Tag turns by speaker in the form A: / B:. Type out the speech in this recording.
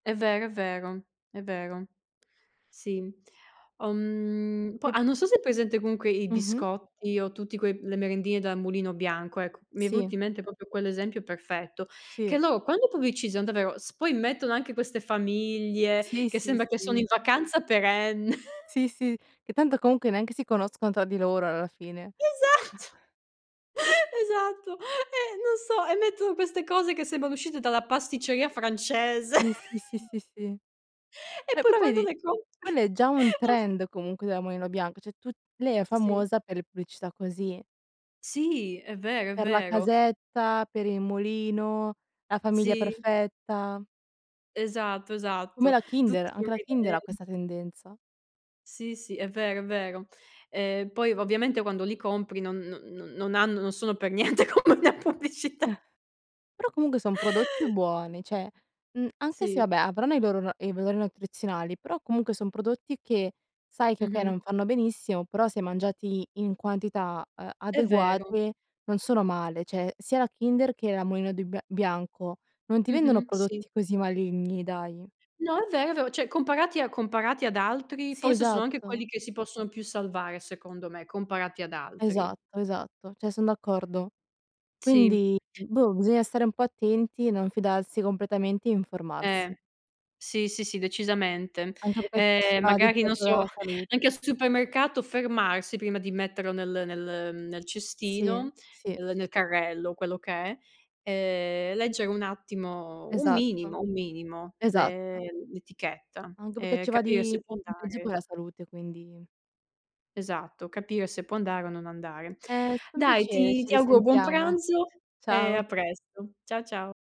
A: È vero, è vero. È vero. Sì. Uhm po
B: [unintelligible]
A: ah non so se hai presente comunque i
B: Mh-mh.
A: biscotti o tutti que le merendine della Mulino Bianco, ecco. Mi è
B: Sì.
A: venuto in mente proprio quell'esempio perfetto, che
B: Sì.
A: loro quando pubblicizzano davvero, s poi mettono anche queste famiglie
B: Sì,
A: che
B: sì,
A: sembra che sono in
B: sì.
A: vacanza perenne.
B: Sì, sì. Che tanto comunque neanche si conoscono tra di loro alla fine.
A: Esatto. Esatto. E non so, e mettono queste cose che sembrano uscite dalla pasticceria francese
B: Sì, sì, sì, sì, sì.
A: E
B: Eh
A: poi
B: però
A: quando
B: vedi,
A: le
B: quello
A: compri,
B: è già un
A: non s
B: trend comunque della Mulino Bianco, cioè tutt lei è
A: Sì.
B: famosa per le pubblicità così.
A: Sì è vero, è
B: Per la
A: vero.
B: casetta, per il mulino, la famiglia
A: Sì.
B: perfetta.
A: Esatto,
B: Come
A: esatto.
B: la Kinder,
A: Tutti
B: anche la Kinder ha
A: [unintelligible]
B: questa tendenza.
A: Sì, sì, è vero, è vero. Ehm, poi ovviamente quando li compri non non non hanno non sono per niente come la pubblicità.
B: Però comunque son prodotti buoni, cioè, uhm, anche se
A: Sì.
B: vabbè avranno i loro ra i valori nutrizionali, però comunque son prodotti che sai che okay, non
A: Mh-mh.
B: fanno benissimo, però se mangiati in quantità, uhm,
A: È vero.
B: adeguate non sono male, cioè sia la Kinder che la Mulino di bi Bianco non ti vendono
A: Mh-mh, sì.
B: prodotti così maligni, dai.
A: No, è vero, vero Cioè, comparati a comparati ad altri
B: Sì,
A: forse sono anche
B: esatto.
A: quelli che si possono più salvare secondo me, comparati ad altri.
B: Esatto, esatto, cioè son d'accordo.
A: Sì.
B: Quindi boh, bisogna stare un po' attenti, non fidarsi completamente e
A: Eh.
B: informarsi.
A: Sì, sì, sì decisamente.
B: Anche perché ci
A: Ehm,
B: va di
A: magari non
B: gioco
A: so
B: la salute.
A: anche al supermercato fermarsi prima di metterlo nel nel nel
B: Sì,
A: cestino,
B: sì.
A: uhm, nel carrello, quello che è, ehm, leggere un attimo, un
B: Esatto,
A: minimo un minimo l'e
B: esatto.
A: l'etichetta
B: Anche perché
A: e
B: ci va
A: capire
B: di
A: se può
B: mezzo
A: andare
B: poi la salute, quindi
A: Esatto, capire se può andare o non andare.
B: È stato un
A: Dai
B: piacere,
A: ti
B: ci
A: ti auguro buon
B: risentiamo.
A: pranzo e a
B: Ciao.
A: presto. Ciao, ciao.